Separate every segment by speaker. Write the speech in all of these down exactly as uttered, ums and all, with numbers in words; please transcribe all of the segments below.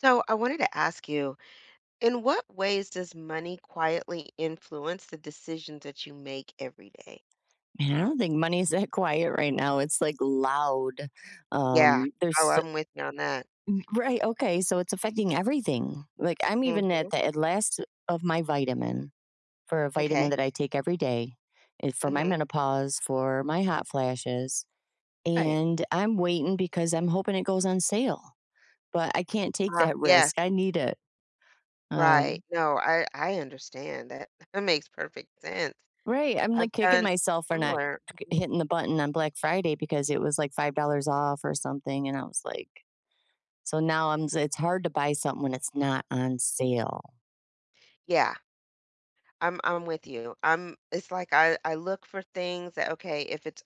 Speaker 1: So, I wanted to ask you, in what ways does money quietly influence the decisions that you make every day?
Speaker 2: Yeah, I don't think money is that quiet right now, it's, like, loud,
Speaker 1: Yeah,
Speaker 2: um,
Speaker 1: oh,
Speaker 2: there's s
Speaker 1: I'm with you on that.
Speaker 2: M right, okay, so it's affecting everything, like, I'm even
Speaker 1: Mhm.
Speaker 2: at the at last of my vitamin for a vitamin
Speaker 1: M'kay.
Speaker 2: that I take every day, eh, for my
Speaker 1: Mhm.
Speaker 2: menopause, for my hot flashes,
Speaker 1: Right.
Speaker 2: and I'm waiting because I'm hoping it goes on sale, but I can't take
Speaker 1: R ah,
Speaker 2: that
Speaker 1: yes.
Speaker 2: risk, I need it. Um
Speaker 1: Right, no, I I understand that that makes perfect sense,
Speaker 2: Right, I'm,
Speaker 1: I've
Speaker 2: like, kicking
Speaker 1: done
Speaker 2: myself for not
Speaker 1: similar.
Speaker 2: c
Speaker 1: Mhm.
Speaker 2: hitting the button on Black Friday because it was, like, five dollars off or something, and I was like "So now I'm" It's hard to buy something when it's not on sale.
Speaker 1: Yeah, I'm I'm with you, I'm it's like, I I look for things that Okay, if it's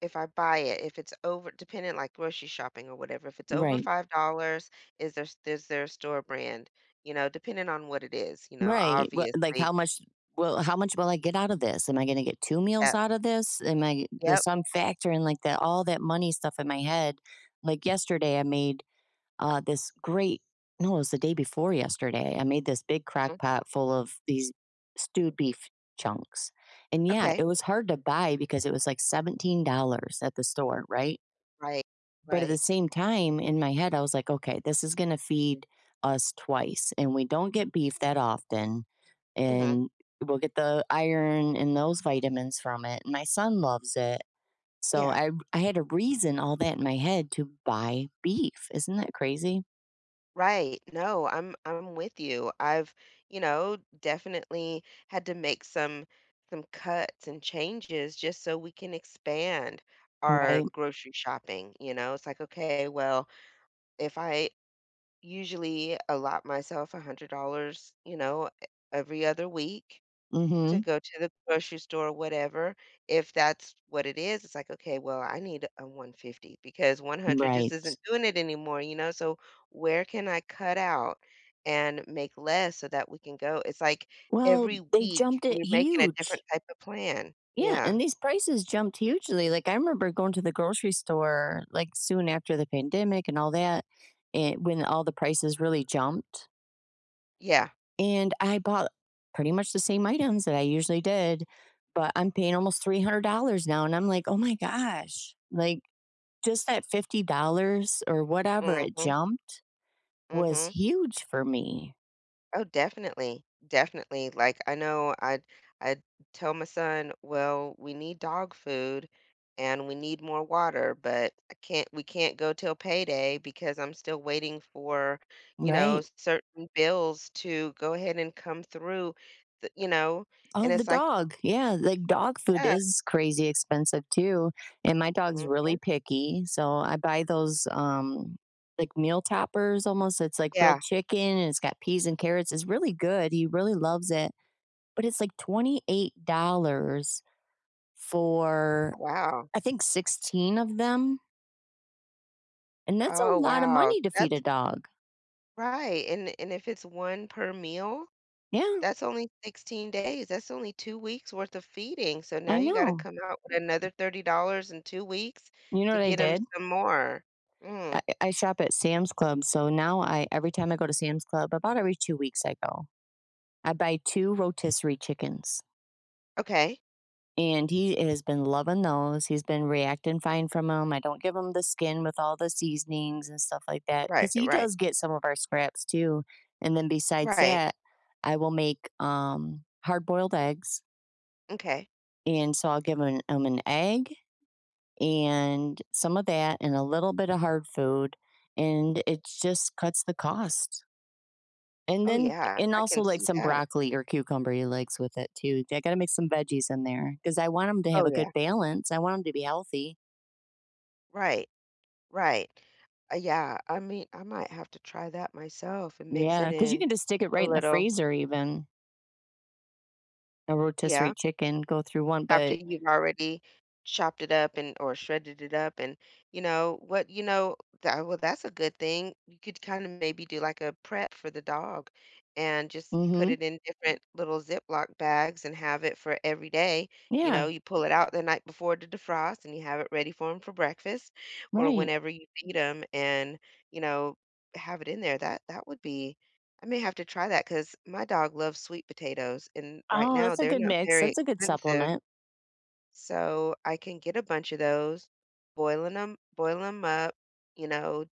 Speaker 1: if I buy it if it's over depending, like, grocery shopping or whatever, if it's over
Speaker 2: Right.
Speaker 1: five dollars, is there s is there store brand, you know, depending on what it is, you know,
Speaker 2: Right, well, like,
Speaker 1: obviously.
Speaker 2: "How much will how much will I get out of this? Am I gonna get two meals
Speaker 1: Yep.
Speaker 2: out of this? Am I" There's
Speaker 1: Yep.
Speaker 2: some factor in the all that money stuff in my head, like, yesterday, I made, uh, this great no, it was the day before yesterday, I made this big crock
Speaker 1: Mhm.
Speaker 2: pot full of these stewed beef chunks, and yeah,
Speaker 1: Okay.
Speaker 2: it was hard to buy because it was, like, seventeen dollars at the store, right?
Speaker 1: Right,
Speaker 2: But at the
Speaker 1: right.
Speaker 2: same time, in my head, I was like, "Okay, this is gonna feed us twice, and we don't get beef that often,
Speaker 1: Mhm.
Speaker 2: and we'll get the iron and those vitamins from it, and my son loves it." So,
Speaker 1: Yeah.
Speaker 2: I r I had a reason all that in my head to buy beef. Isn't that crazy?
Speaker 1: Right, no, I'm I'm with you, I've, you know, d definitely had to make some some cuts and changes just so we can expand our
Speaker 2: Right.
Speaker 1: grocery shopping, you know, it's like, "Okay, well, if I usually allot myself a hundred dollars, you know, e every other week to
Speaker 2: Mhm.
Speaker 1: go to the grocery store or whatever," if that's what it is, it's like, "Okay, well, I need, uh, one fifty because one hundred just
Speaker 2: Right.
Speaker 1: isn't doing it anymore," you know, "so where can I cut out and make less so that we can go" it's like
Speaker 2: Well,
Speaker 1: every
Speaker 2: they
Speaker 1: week,
Speaker 2: jumped it
Speaker 1: we're making a different
Speaker 2: huge.
Speaker 1: type of plan.
Speaker 2: Yeah,
Speaker 1: Yeah.
Speaker 2: and these prices jumped hugely, like, I remember going to the grocery store, like, soon after the pandemic and all that, an when all the prices really jumped
Speaker 1: Yeah.
Speaker 2: and I bought pretty much the same items that I usually did, but I'm paying almost three hundred dollars now, and I'm like, "Oh my gosh," like, just that fifty dollars or whatever it
Speaker 1: Mhm.
Speaker 2: jumped was
Speaker 1: Mhm.
Speaker 2: huge for me.
Speaker 1: Oh, definitely. Definitely. Like, I know I'd I'd tell my son, "Well, we need dog food, and we need more water, but I can't we can't go till payday because I'm still waiting for, you know,
Speaker 2: Right.
Speaker 1: certain bills to go ahead and come through." Th You know? And
Speaker 2: Oh, the
Speaker 1: it's like
Speaker 2: dog. Yeah. Like, dog food
Speaker 1: Yeah.
Speaker 2: is crazy expensive too. And my dog's really
Speaker 1: Mhm.
Speaker 2: picky, so I buy those, um, like, meal toppers almost. It's like
Speaker 1: Yeah.
Speaker 2: grilled chicken and it's got peas and carrots. It's really good. He really loves it, but it's like twenty-eight dollars for,
Speaker 1: Wow.
Speaker 2: I think, sixteen of them. And that's a
Speaker 1: Oh,
Speaker 2: lotta
Speaker 1: wow.
Speaker 2: money to feed
Speaker 1: That's
Speaker 2: a dog.
Speaker 1: Right. And and if it's one per meal,
Speaker 2: Yeah.
Speaker 1: that's only sixteen days. That's only two weeks' worth of feeding. So now
Speaker 2: I
Speaker 1: you gotta
Speaker 2: know.
Speaker 1: come out with another thirty in two weeks
Speaker 2: You know
Speaker 1: to
Speaker 2: what I
Speaker 1: get 'em
Speaker 2: did?
Speaker 1: some more. Mm.
Speaker 2: I I shop at Sam's Club. So now I every time I go to Sam's Club- about every two weeks I go- I buy two rotisserie chickens.
Speaker 1: Okay.
Speaker 2: And he is been loving those. He's been reacting fine from ‘em. I don't give him the skin with all the seasonings and stuff like that
Speaker 1: Right,
Speaker 2: ‘cause he
Speaker 1: right.
Speaker 2: does get some of our scraps too. And then besides
Speaker 1: Right.
Speaker 2: that, I will make, um, hard boiled eggs.
Speaker 1: M’kay.
Speaker 2: And so I'll give m him an egg and some of that and a little bit of hard food and it’s just cuts the cost. And
Speaker 1: Oh,
Speaker 2: then
Speaker 1: yeah.
Speaker 2: and
Speaker 1: I
Speaker 2: also
Speaker 1: can
Speaker 2: like
Speaker 1: see
Speaker 2: some
Speaker 1: that.
Speaker 2: broccoli or cucumber he likes with it too. J I gotta make some veggies in there ‘cause I want him to have
Speaker 1: Oh,
Speaker 2: a
Speaker 1: yeah.
Speaker 2: good balance. I want him to be healthy.
Speaker 1: Right. Right. Uh, yeah. I mean, I might have to try that myself and mix it
Speaker 2: Yeah. ‘Cause you
Speaker 1: in
Speaker 2: can just stick it
Speaker 1: a
Speaker 2: right in the
Speaker 1: little.
Speaker 2: freezer even. A
Speaker 1: Yeah.
Speaker 2: rotisserie chicken go through one,
Speaker 1: After
Speaker 2: but
Speaker 1: you've already chopped it up and or shredded it up and you know, what you know that well, that's a good thing. You could kinda maybe do, like, a prep for the dog and just put
Speaker 2: Mhm.
Speaker 1: it in different little Ziploc bags and have it for every day. You
Speaker 2: Yeah.
Speaker 1: know, you pull it out the night before to defrost, and you have it ready for him for breakfast or
Speaker 2: Right.
Speaker 1: whenever you feed him and, you know, have it in there. That that would be I may have to try that ‘cause my dog loves sweet potatoes. And right
Speaker 2: Oh,
Speaker 1: now,
Speaker 2: that's a
Speaker 1: they're
Speaker 2: good
Speaker 1: not
Speaker 2: mix.
Speaker 1: very
Speaker 2: That's a good
Speaker 1: expensive.
Speaker 2: supplement.
Speaker 1: So, I can get a bunch of those, boiling ‘em boil ‘em up, you know,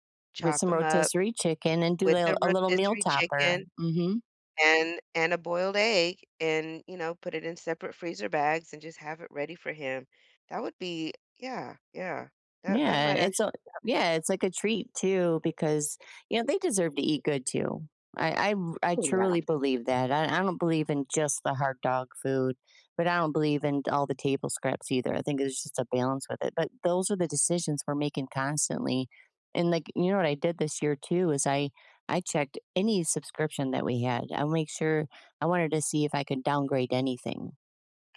Speaker 2: With
Speaker 1: chop
Speaker 2: some
Speaker 1: ‘em up
Speaker 2: rotisserie chicken and do a
Speaker 1: with the
Speaker 2: lil a little meal
Speaker 1: rotisserie
Speaker 2: topper.
Speaker 1: chicken
Speaker 2: Mhm.
Speaker 1: and and a boiled egg and, you know, put it in separate freezer bags and just have it ready for him. That would be yeah, yeah. That that
Speaker 2: Yeah,
Speaker 1: might
Speaker 2: it's
Speaker 1: actu
Speaker 2: a
Speaker 1: [unintelligible]
Speaker 2: Yeah, it's like a treat too because, you know, they deserve to eat good too. I I r I
Speaker 1: Ooh, yeah.
Speaker 2: truly believe that. I I don't believe in just the hard dog food, but I don't believe in all the table scraps either. I think there's just a balance with it. But those are the decisions we're making constantly. And, like, you know what I did this year too is I I checked any subscription that we had. I'll make sure I wanted to see if I could downgrade anything.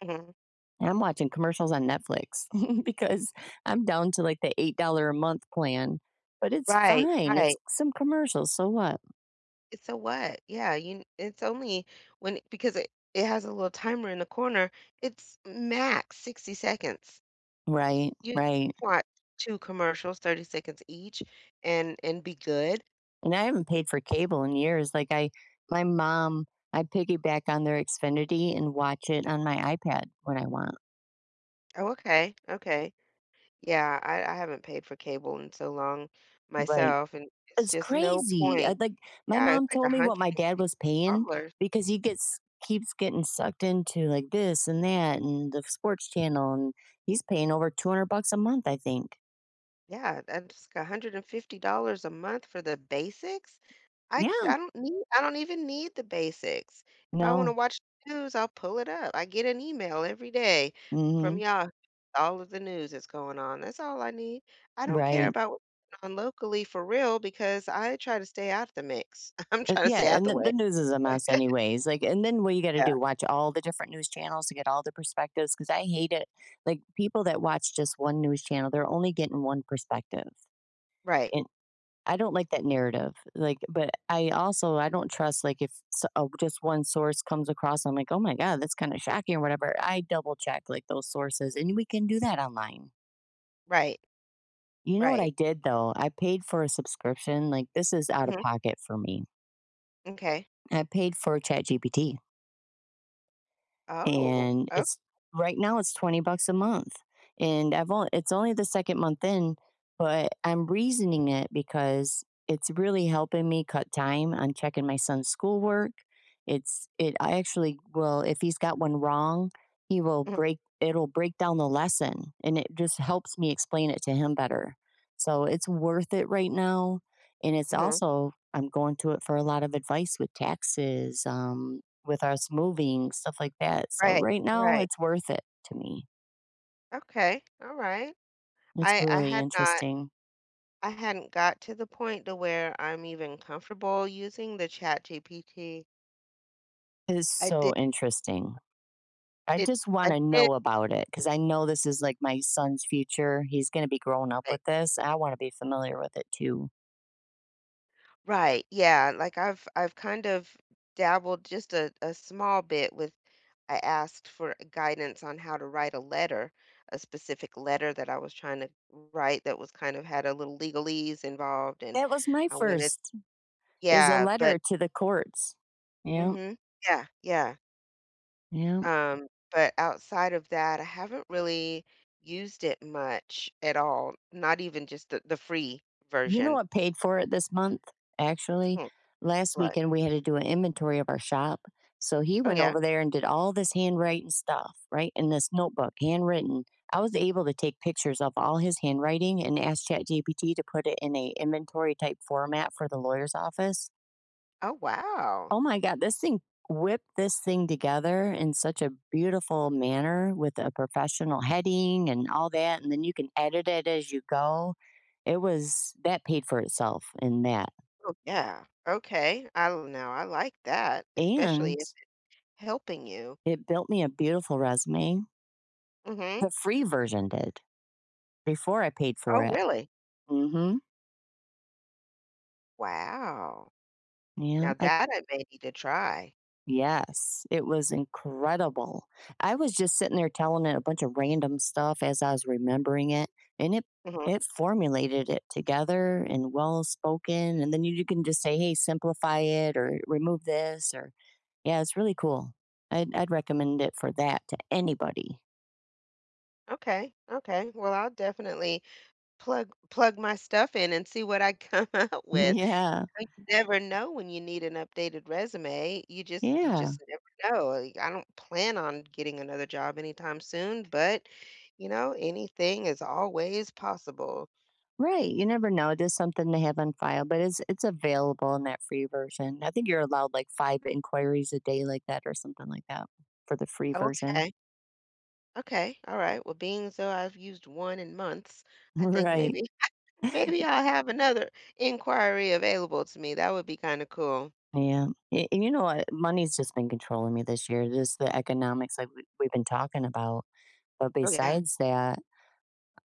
Speaker 1: Mhm.
Speaker 2: I'm watching commercials on Netflix because I'm down to, like, the eight dollar a month plan, but it's
Speaker 1: Right.
Speaker 2: fine.
Speaker 1: Right.
Speaker 2: It's some commercials. So what?
Speaker 1: It's a what? Yeah. You n it's only when i because it it has a little timer in the corner. It's max sixty seconds.
Speaker 2: Right.
Speaker 1: You
Speaker 2: Right.
Speaker 1: want two commercials, thirty seconds each, and and be good.
Speaker 2: And I haven't paid for cable in years. Like, I my mom, I piggyback on their Xfinity and watch it on my iPad when I want.
Speaker 1: Oh, okay, okay. Yeah. I I haven't paid for cable in so long
Speaker 2: Right.
Speaker 1: myself, and it's
Speaker 2: It's
Speaker 1: just no
Speaker 2: crazy. I
Speaker 1: point.
Speaker 2: like, my
Speaker 1: Yeah. It's
Speaker 2: mom
Speaker 1: like, a
Speaker 2: told me what
Speaker 1: hundred
Speaker 2: my
Speaker 1: and
Speaker 2: dad
Speaker 1: fifty
Speaker 2: was paying
Speaker 1: dollars.
Speaker 2: because he gets keeps getting sucked into, like, this and that and the sports channel, and he's paying over two hundred bucks a month, I think.
Speaker 1: Yeah, and [unintelligible] a hundred and fifty dollars a month for the basics. I c
Speaker 2: Yeah.
Speaker 1: I don't need I don't even need the basics. If I wanna
Speaker 2: No.
Speaker 1: watch the news, I'll pull it up. I get an email every day from
Speaker 2: Mhm.
Speaker 1: y'all all of the news that's going on. That's all I need. I don't care
Speaker 2: Right.
Speaker 1: about none locally, for real, because I try to stay out of the mix. I'm
Speaker 2: Uh,
Speaker 1: trying to
Speaker 2: yeah,
Speaker 1: stay out
Speaker 2: and
Speaker 1: the
Speaker 2: the
Speaker 1: way.
Speaker 2: the news is a mess anyways. Like, and then what you gonna
Speaker 1: Yeah.
Speaker 2: do? Watch all the different news channels to get all the perspectives 'cause I hate it. Like, people that watch just one news channel, they're only getting one perspective.
Speaker 1: Right.
Speaker 2: And I don't like that narrative. Like but I also I don't trust, like, if s uh, just one source comes across, I'm like, "Oh my god. That's kinda shocking" or whatever. I double check, like, those sources, and we can do that online.
Speaker 1: Right.
Speaker 2: You know what
Speaker 1: Right.
Speaker 2: I did though, I paid for a subscription, like this is out of
Speaker 1: Mhm.
Speaker 2: pocket for me.
Speaker 1: M'kay.
Speaker 2: I paid for ChatGPT
Speaker 1: Oh,
Speaker 2: and
Speaker 1: o
Speaker 2: it's right now it's twenty bucks a month, and I've on it's only the second month in, but I'm reasoning it because it's really helping me cut time on checking my son's schoolwork. It's it I actually will if he's got one wrong, he will
Speaker 1: Mhm.
Speaker 2: break it'll break down the lesson, and it just helps me explain it to him better, so it's worth it right now, and it's
Speaker 1: Mhm.
Speaker 2: also I'm going to it for a lot of advice with taxes, um, with us moving, stuff like that, so
Speaker 1: Right,
Speaker 2: right now,
Speaker 1: right.
Speaker 2: it's worth it to me.
Speaker 1: Okay, alright,
Speaker 2: It's
Speaker 1: I I
Speaker 2: really
Speaker 1: had not
Speaker 2: interesting.
Speaker 1: I hadn't got to the point to where I'm even comfortable using the ChatGPT.
Speaker 2: It is
Speaker 1: I did
Speaker 2: so interesting. I
Speaker 1: It
Speaker 2: just
Speaker 1: I
Speaker 2: wanna
Speaker 1: did
Speaker 2: know about it 'cause I know this is, like, my son's future. He's gonna be growing up
Speaker 1: Right.
Speaker 2: with this, and I wanna be familiar with it too.
Speaker 1: Right, yeah, like, I've I've kind of dabbled just a a small bit with I asked for, uh, guidance on how to write a letter, a specific letter that I was trying to wr write that was kind of had a little legalese involved, and
Speaker 2: That was my
Speaker 1: I wanted
Speaker 2: first, is a
Speaker 1: Yeah, but
Speaker 2: letter to the courts. Yep.
Speaker 1: Mhm. Yeah, yeah.
Speaker 2: Yep.
Speaker 1: Um, but outside of that, I haven't really used it much at all, not even just the the free
Speaker 2: You know,
Speaker 1: version.
Speaker 2: I paid for it this month, actually.
Speaker 1: Hmm,
Speaker 2: Last
Speaker 1: what?
Speaker 2: weekend, we had to do an inventory of our shop. So, he
Speaker 1: Oh,
Speaker 2: went
Speaker 1: yeah?
Speaker 2: over there and did all this handwriting stuff, right, in this notebook, handwritten. I was able to take pictures of all his handwriting and ask ChatGPT to put it in a inventory type format for the lawyer's office.
Speaker 1: Oh, wow.
Speaker 2: Oh my god, this thing whipped this thing together in such a beautiful manner, with a professional heading and all that, and then you can edit it as you go. It was that paid for itself in that.
Speaker 1: Oh, yeah. Okay. I l now, I like that, especially
Speaker 2: And
Speaker 1: if it's helping you.
Speaker 2: it built me a beautiful resume.
Speaker 1: Mhm.
Speaker 2: The free version did, before I paid for
Speaker 1: Oh,
Speaker 2: it.
Speaker 1: really?
Speaker 2: Mhm.
Speaker 1: Wow.
Speaker 2: Yeah,
Speaker 1: Now
Speaker 2: I
Speaker 1: that I may need to try.
Speaker 2: Yes, it was incredible, I was just sitting there telling it a bunch of random stuff as I was remembering it, and it
Speaker 1: Mhm.
Speaker 2: it formulated it together and well spoken, and then you you can just say, "Hey, simplify it or remove this or" Yeah, it's really cool. I'd I'd recommend it for that to anybody.
Speaker 1: Okay, okay, well, I'll definitely plug plug my stuff in and see what I come out with,
Speaker 2: Yeah.
Speaker 1: you never know when you need an updated resume. You just you
Speaker 2: Yeah.
Speaker 1: just never know, like, I don't plan on getting another job anytime soon, but, you know, anything is always possible.
Speaker 2: Right, you never know, just something to have on file, but it's it's available in that free version. I think you're allowed, like, five inquiries a day like that or something like that, for the free version.
Speaker 1: Okay. Okay, alright, well, being so I've used one in months, I think
Speaker 2: Right.
Speaker 1: maybe I maybe
Speaker 2: Ye
Speaker 1: I'll have another inquiry available to me, that would be kinda cool.
Speaker 2: Yeah, a and you know what, money's just been controlling me this year, just the economics like we've we've been talking about, but
Speaker 1: Oh, yeah.
Speaker 2: besides that,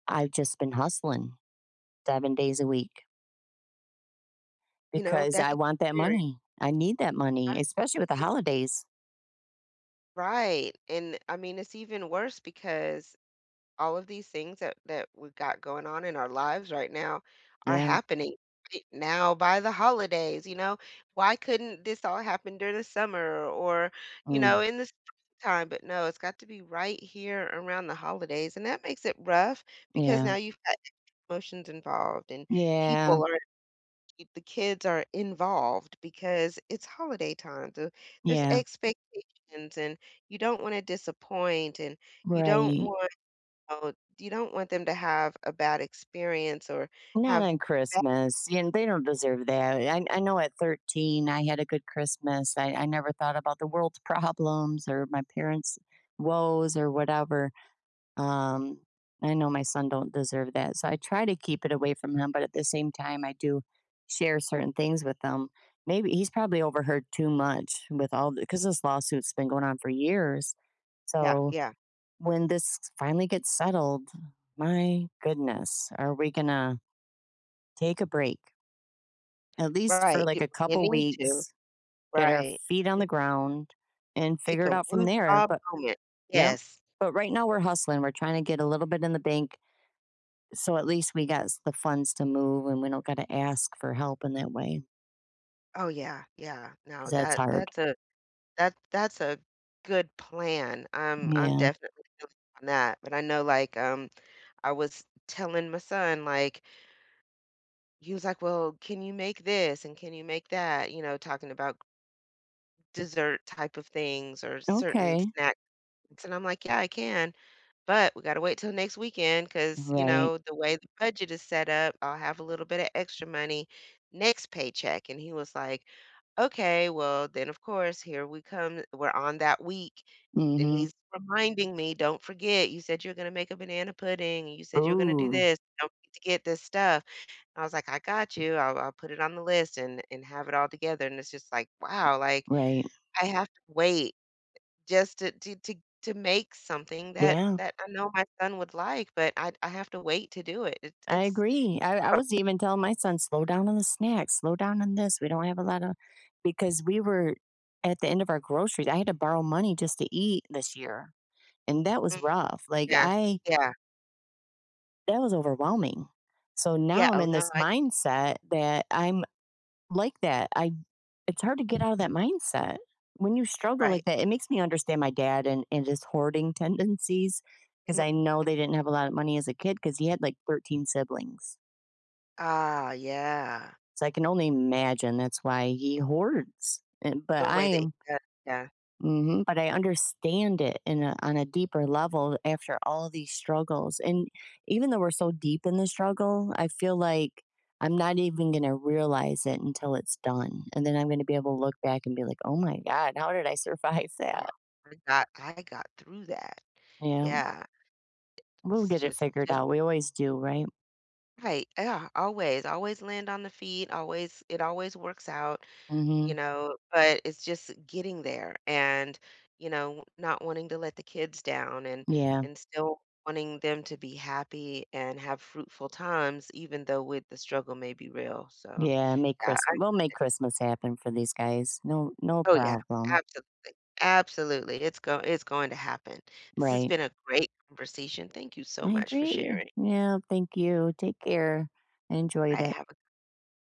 Speaker 2: I've just been hustling seven days a week.
Speaker 1: You know,
Speaker 2: Because
Speaker 1: that
Speaker 2: I
Speaker 1: g
Speaker 2: want that
Speaker 1: [unintelligible]
Speaker 2: money. I need that
Speaker 1: Ah
Speaker 2: money, especially
Speaker 1: you
Speaker 2: with the
Speaker 1: mean
Speaker 2: holidays.
Speaker 1: Right, and, I mean, it's even worse because all of these things that that we've got going on in our lives right now are
Speaker 2: Yeah.
Speaker 1: happening e now by the holidays, you know? Why couldn't this all happen during the summer or, you know,
Speaker 2: Mm.
Speaker 1: in the spring time? But, no, it's got to be right here around the holidays. And that makes it rough because
Speaker 2: Yeah.
Speaker 1: now you've got promotions involved, and
Speaker 2: Yeah.
Speaker 1: people are if the kids are involved because it's holiday time, the there's
Speaker 2: Yeah.
Speaker 1: expectations, and you don't wanna disappoint, and you don't
Speaker 2: Right.
Speaker 1: want [unintelligible] you don't want them to have a bad experience or
Speaker 2: Not
Speaker 1: have
Speaker 2: on
Speaker 1: ba
Speaker 2: Christmas, and they don't deserve that. I I know at thirteen, I had a good Christmas. I I never thought about the world's problems or my parents' woes or whatever. Um, I know my son don't deserve that. So I try to keep it away from him, but at the same time, I do share certain things with him. Maybe he's probably overheard too much with all the ‘cause this lawsuit's been going on for years.
Speaker 1: Yeah,
Speaker 2: So
Speaker 1: yeah.
Speaker 2: when this finally gets settled, my goodness, are we gonna take a break at least for
Speaker 1: Right, you
Speaker 2: like a
Speaker 1: you
Speaker 2: couple
Speaker 1: need to,
Speaker 2: weeks, get our
Speaker 1: right.
Speaker 2: feet on
Speaker 1: I
Speaker 2: the ground, and
Speaker 1: Take
Speaker 2: figure it
Speaker 1: a
Speaker 2: out from there.
Speaker 1: woosah
Speaker 2: But
Speaker 1: moment.
Speaker 2: yep,
Speaker 1: Yes.
Speaker 2: but right now we're hustling. We're trying to get a little bit in the bank so at least we gots the funds to move and we don't gotta ask for help in that way
Speaker 1: Oh, yeah, yeah, no.
Speaker 2: ‘cause that's
Speaker 1: That
Speaker 2: hard.
Speaker 1: that's a that that's a good plan. I'm I'm
Speaker 2: Yeah.
Speaker 1: definitely feel you on that, but I know, like, um, I was telling my son, like he was like, “Well, can you make this and can you make that?” You know, talking about dessert type of things or certain
Speaker 2: Okay.
Speaker 1: snacks. And I'm like, “Yeah, I can. But we gotta wait till next weekend ‘cause, you
Speaker 2: Right.
Speaker 1: know, the way the budget is set up, I'll have a little bit of extra money next paycheck.” And he was like, “Okay.” Well, then, of course, here we come. We're on that week. And
Speaker 2: Mhm.
Speaker 1: he's reminding me, “Don't forget. You said you're gonna make a banana pudding and you said you're gonna do
Speaker 2: Ooh.
Speaker 1: this. Don't forget to get this stuff.” I was like, “I got you. I'll I'll put it on the list and and have it all together,” and it's just like, "Wow," like,
Speaker 2: Right.
Speaker 1: "I have to wait just to to to to make something that
Speaker 2: Yeah.
Speaker 1: that I know my son would like, but I I have to wait to do it. It
Speaker 2: I
Speaker 1: it's
Speaker 2: agree. I I
Speaker 1: horrib"
Speaker 2: was even telling my son, “Slow down on the snacks, slow down on this. We don't have a lotta "because we were at the end of our groceries. I had to borrow money just to eat this year, and that was
Speaker 1: Mm,
Speaker 2: rough, like,
Speaker 1: yeah,
Speaker 2: I
Speaker 1: yeah.
Speaker 2: that was overwhelming. So
Speaker 1: Yeah,
Speaker 2: now I'm
Speaker 1: oh,
Speaker 2: in
Speaker 1: no,
Speaker 2: this
Speaker 1: I [unintelligible]
Speaker 2: mindset that I'm like that. I it's hard to get outta that mindset. When you struggle
Speaker 1: Right.
Speaker 2: like that, it makes me understand my dad and and his hoarding tendencies ‘cause
Speaker 1: Mhm,
Speaker 2: I know
Speaker 1: mm.
Speaker 2: they didn't have a lot of money as a kid ‘cause he had, like, thirteen siblings.
Speaker 1: Ah, yeah.
Speaker 2: So I can only imagine that's why he hoards. And
Speaker 1: The
Speaker 2: but I
Speaker 1: way they
Speaker 2: am
Speaker 1: [unintelligible] yeah.
Speaker 2: Mhm. But I understand it in a on a deeper level after all these struggles. And, even though we're so deep in the struggle, I feel like I'm not even gonna realize it until it's done. And then I'm gonna be able to look back and be like, "Oh my god. How did I survive that?”
Speaker 1: [unintelligible] Heard that. "I got through that."
Speaker 2: Yeah.
Speaker 1: Yeah. I
Speaker 2: We'll
Speaker 1: it's
Speaker 2: get it
Speaker 1: just
Speaker 2: figured
Speaker 1: just
Speaker 2: out. We always do, right?
Speaker 1: Right. Ah, yeah, always, always land on the feet. Always it always works out, you
Speaker 2: Mhm.
Speaker 1: know, but it's just getting there and, you know, not wanting to let the kids down and
Speaker 2: Yeah.
Speaker 1: and still wanting them to be happy and have fruitful times even though with the struggle may be real. So
Speaker 2: Yeah. Make
Speaker 1: yeah,
Speaker 2: Chris
Speaker 1: I
Speaker 2: we'll make
Speaker 1: eh
Speaker 2: Christmas happen for these guys. No no
Speaker 1: Oh, yeah.
Speaker 2: problem.
Speaker 1: Absolutely. Absolutely. It's go it's going to happen. This has
Speaker 2: Right.
Speaker 1: been a great conversation. Thank you so
Speaker 2: I
Speaker 1: much for
Speaker 2: agree.
Speaker 1: sharing.
Speaker 2: Yeah, thank you. Take care. I enjoyed
Speaker 1: Alright,
Speaker 2: it.
Speaker 1: have a